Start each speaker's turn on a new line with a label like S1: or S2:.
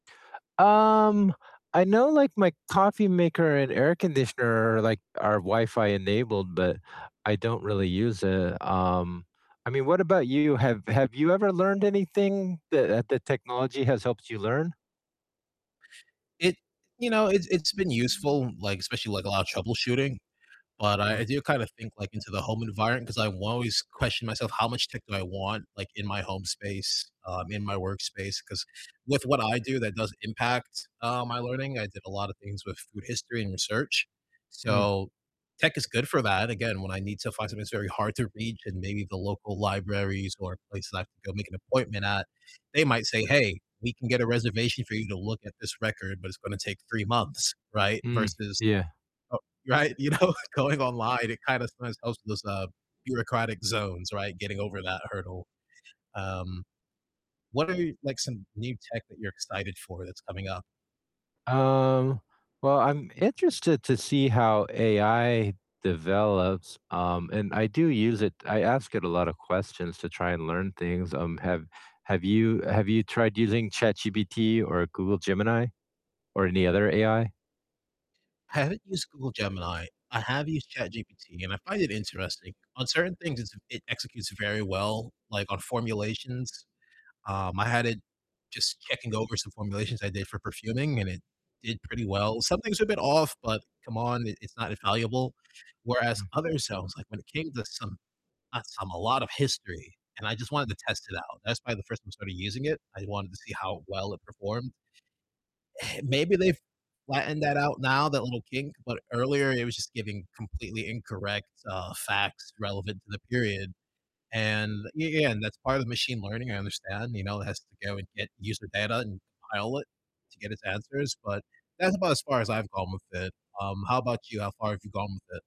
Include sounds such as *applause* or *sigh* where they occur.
S1: Um, I know, like, my coffee maker and air conditioner are, like are Wi-Fi enabled, but I don't really use it, um, I mean, what about you? Have have you ever learned anything that, uh that technology has helped you learn?
S2: It you know, it's it's been useful, like, especially, like, a lot of troubleshooting, but I
S1: Mm.
S2: I do kind of think, like, into the home environment, 'cause I will always question myself how much tech do I want, like, in my home space, um, in my workspace, 'cause with what I do, that does impact, uh, my learning, I did a lot of things with food history and research,
S1: Mm.
S2: so tech is good for that, again, when I need to find something that's very hard to reach and maybe the local libraries or places I have to go make an appointment at, they might say, "Hey, we can get a reservation for you to look at this record, but it's gonna take 3 months," right?
S1: Mm,
S2: Versus
S1: yeah.
S2: oh Right, you know, going online, it kind of sometimes helps with those, uh, bureaucratic zones, right? Getting over that hurdle. Um, what are, like, some new tech that you're excited for that's coming up?
S1: Um, well, I'm interested to see how AI develops, um, and I do use it, I ask it a lot of questions to try and learn things, um, have have you have you tried using ChatGPT or Google Gemini or any other AI?
S2: I haven't used Google Gemini, I have used ChatGPT, and I find it interesting, on certain things it's it executes very well, like on formulations, um, I had it just checking over some formulations I did for perfuming and it did pretty well, some things were a bit off, but come on, i it's not infallible, whereas
S1: Mm.
S2: other selves, like when it came to some not some, a lot of history and I just wanted
S1: Mm.
S2: to test it out. That's probably the 1st time I started using it, I wanted to see how well it performed. *sighs* Maybe they've flattened that out now, that little kink, but earlier it was just giving completely incorrect, uh, facts relevant to the period. And y yeah, and that's part of the machine learning, I understand, you know, it has to go and get user data and compile it to get its answers, but that's about as far as I've gone with it. Um, how 'bout you? How far have you gone with it?